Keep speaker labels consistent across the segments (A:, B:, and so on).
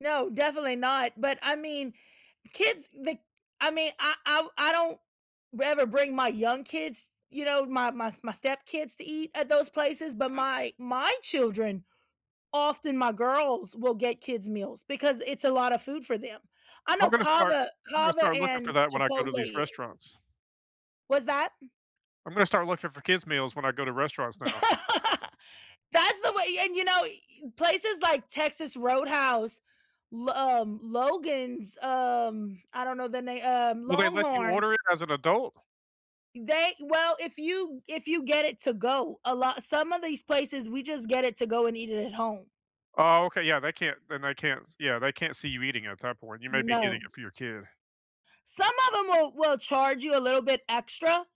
A: No, definitely not, but, I mean, kids, the I mean, I I w I don't rather bring my young kids, you know, my my s my step kids to eat at those places, but
B: Uh-huh.
A: my my children, often my girls will get kids meals because it's a lot of food for them. I
B: I'm
A: know
B: gonna start
A: CAVA
B: I'm gonna
A: CAVA
B: start looking for
A: and
B: that when I go
A: Chipotle
B: to these
A: i
B: restaurants.
A: What's that?
B: I'm gonna start looking for kids meals when I go to restaurants now.
A: That's the way and, you know, y places like Texas Roadhouse, L um, Logan's, um, I don't know the na um,
B: Will they let you
A: LongHorn
B: order it as an adult?
A: They well, if you g if you get it to go, a lot some of these places, we just get it to go and eat it at home.
B: Oh, okay, yeah, they can't then they can't s yeah, they can't see you eating at that point. You may be getting
A: No.
B: it for your kid.
A: Some of 'em will will charge you a little bit extra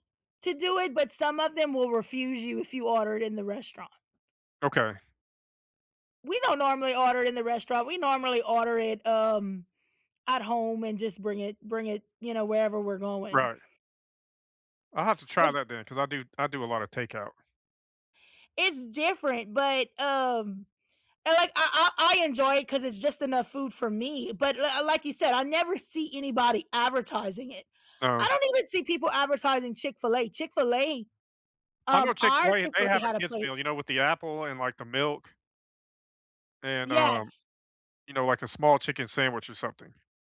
A: to do it, but some of them will refuse you if you order it in the restaurant.
B: Okay.
A: We don't normally order in the restaurant, we normally order it, um, at home, and just bring it bring it, you know, wherever we're going.
B: Right. I'll have to try
A: But
B: that then 'cause I do I do a lotta takeout.
A: It's different, but, um and, like, I I I enjoy it 'cause it's just enough food for me, but l uh, like you said, I never see anybody advertising it.
B: No.
A: I don't even see people advertising Chick-fil-A. Chick-fil-A,
B: I know
A: um, our
B: Chick-fil-A, if they
A: Chick-fil-A
B: have a
A: had a
B: kids
A: plate.
B: meal, you know, with the apple, and, like, the milk and, um,
A: Yes.
B: you know, like, a small chicken sandwich or something.